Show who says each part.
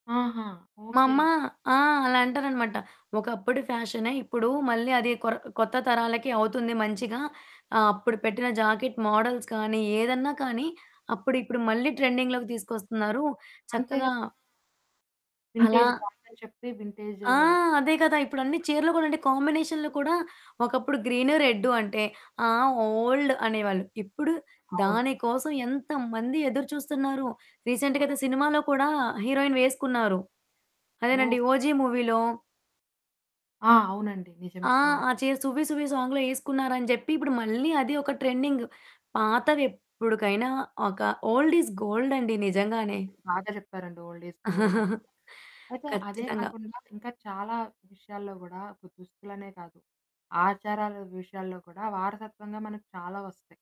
Speaker 1: ఆహా!
Speaker 2: మా
Speaker 1: ఓకే.
Speaker 2: అమ్మ ఆ! అలా అంటాదనమాట. ఒకప్పుడు ఫ్యాషనే ఇప్పుడు మళ్ళీ అది కొర కొత్త తరాలకి అవుతుంది మంచిగా. ఆహ్, అప్పుడు పెట్టిన జాకెట్ మాడల్స్ కానీ, ఏదన్నా కానీ అప్పుడు ఇప్పుడు మళ్ళీ ట్రెండింగ్‌లోకి తీసుకొస్తున్నారు.
Speaker 1: అంతే
Speaker 2: చక్కగా
Speaker 1: కదా!
Speaker 2: అలా
Speaker 1: వింటేజ్ బాగుందని చెప్పి వింటేజు
Speaker 2: ఆ! అదే కదా! ఇప్పుడన్ని చీరెలు కూడా అండి కాంబినేషన్‌లు కూడా, ఒకప్పుడు గ్రీన్, రెడ్ అంటే, ఆ! ఓల్డ్ అనేవాళ్ళు. ఇప్పుడు,
Speaker 1: అవును.
Speaker 2: దాని కోసం ఎంతమంది ఎదురు చూస్తున్నారో!
Speaker 1: ఆ!
Speaker 2: రీసెంట్‌గా ఐతే సినిమాలో కూడా హీరోయిన్ వేసుకున్నారు. అదేనండి.
Speaker 1: ఓహ్!
Speaker 2: 'ఓజీ' మూవీలో.
Speaker 1: ఆ! అవునండి.
Speaker 2: ఆ!
Speaker 1: నిజమే. అవును.
Speaker 2: ఆ చీర 'సువ్వి సువ్వి' సాంగ్‌లో ఏసుకున్నారని జెప్పి. ఇప్పుడు మళ్ళీ అది ఒక ట్రెండింగ్. పాతవి ఎప్పుటికైనా ఒక ఓల్డ్ ఇస్ గోల్డ్ అండి నిజంగానే.
Speaker 1: బాగా చెప్పారండి ఓల్డ్ ఈ స్ గోల్డ్ అని. అయితే అదే
Speaker 2: ఖచ్చితంగా.
Speaker 1: కాకుండా ఇంకా చాలా విషయాల్లో గూడా ఒక దుస్తులనే కాదు, ఆచారాల విషయాల్లో కూడా వారసత్వంగా మనకు చాలా వస్తాయి.